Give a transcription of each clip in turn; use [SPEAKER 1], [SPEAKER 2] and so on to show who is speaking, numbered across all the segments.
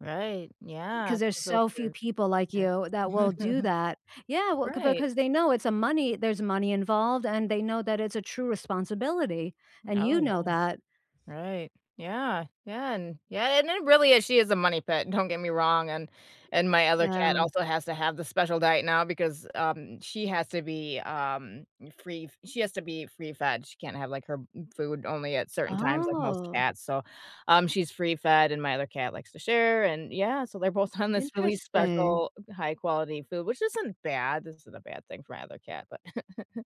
[SPEAKER 1] Right, yeah,
[SPEAKER 2] 'Cause there's
[SPEAKER 1] so
[SPEAKER 2] so few
[SPEAKER 1] true.
[SPEAKER 2] people like
[SPEAKER 1] Yeah.
[SPEAKER 2] you, that will do that. Yeah well ‘c
[SPEAKER 1] Right.
[SPEAKER 2] because they know it's a money there's money involved, and they know that it's a true responsibility, and
[SPEAKER 1] Oh,
[SPEAKER 2] you
[SPEAKER 1] yeah.
[SPEAKER 2] know that.
[SPEAKER 1] Right. Yeah, yeah, and yeah, and it really is, she is a money pit, don't get me wrong, and and my other cat
[SPEAKER 2] The
[SPEAKER 1] also has to have the special diet now, because, um, she has to be, um, free she has to be free fed. She can't have, like, her m food only at certain times like most
[SPEAKER 2] Oh.
[SPEAKER 1] cats, so, um, she's free fed, and my other cat likes to share, and, yeah, so they're both on this really
[SPEAKER 2] Interesting.
[SPEAKER 1] special, high quality food, which isn't bad this isn't a bad thing for my other cat, but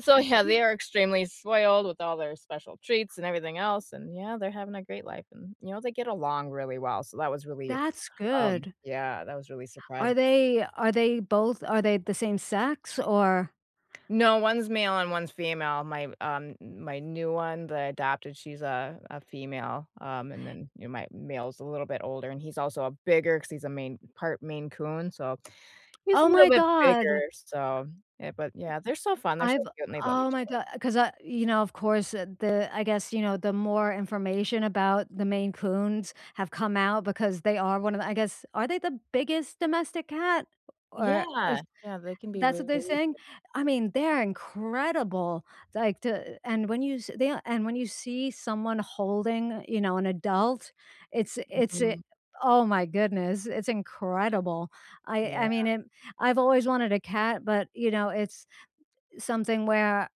[SPEAKER 1] so, yeah,
[SPEAKER 2] Ye
[SPEAKER 1] they are extremely spoiled with all their special treats and everything else, and yeah, they're having a great life, and you know, they get along really well, so that was really,
[SPEAKER 2] That's
[SPEAKER 1] um,
[SPEAKER 2] good.
[SPEAKER 1] yeah, that was really
[SPEAKER 2] Are
[SPEAKER 1] surprising.
[SPEAKER 2] they are they both are they the same sex? Or
[SPEAKER 1] No, one's male and one's female. My, uh, m my new one, the adopted she's a a female, um, and then, you know, my male's a little bit older, and he's also a bigger because he's a Maine part Maine Coon, so, he's
[SPEAKER 2] Oh,
[SPEAKER 1] a little
[SPEAKER 2] my
[SPEAKER 1] bit
[SPEAKER 2] god. E
[SPEAKER 1] bigger, so, yeah, but, yeah, they're so fun, they're so
[SPEAKER 2] I've
[SPEAKER 1] cute, and they love
[SPEAKER 2] oh
[SPEAKER 1] each
[SPEAKER 2] my
[SPEAKER 1] other.
[SPEAKER 2] god, 'cause, a you know, of course, eh, the I guess, you know, the more information about, the Maine Coons, have come out because they are one of the I guess, are they the biggest domestic cat? Or or
[SPEAKER 1] Yeah, yeah, they can be
[SPEAKER 2] that's what they're
[SPEAKER 1] really
[SPEAKER 2] saying?
[SPEAKER 1] [unintelligible]
[SPEAKER 2] I mean, they're incredible, like to a and when you se the yeah, and when you see someone holding, you know, an adult, it's i it's i
[SPEAKER 1] Mhm.
[SPEAKER 2] oh my goodness, it's incredible. I
[SPEAKER 1] Yeah.
[SPEAKER 2] I mean, it I've always wanted a cat but, you know, it's, something where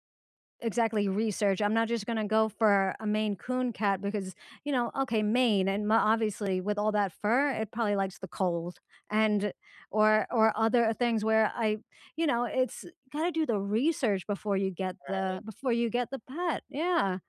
[SPEAKER 2] exactly research, I'm not just gonna go for a Maine Coon cat because, you know okay, Maine, and ma obviously with all that fur, it probably likes the cold, and or or other things where I you know, it's gotta do the research before you get the
[SPEAKER 1] Right.
[SPEAKER 2] before you get the pet, yeah.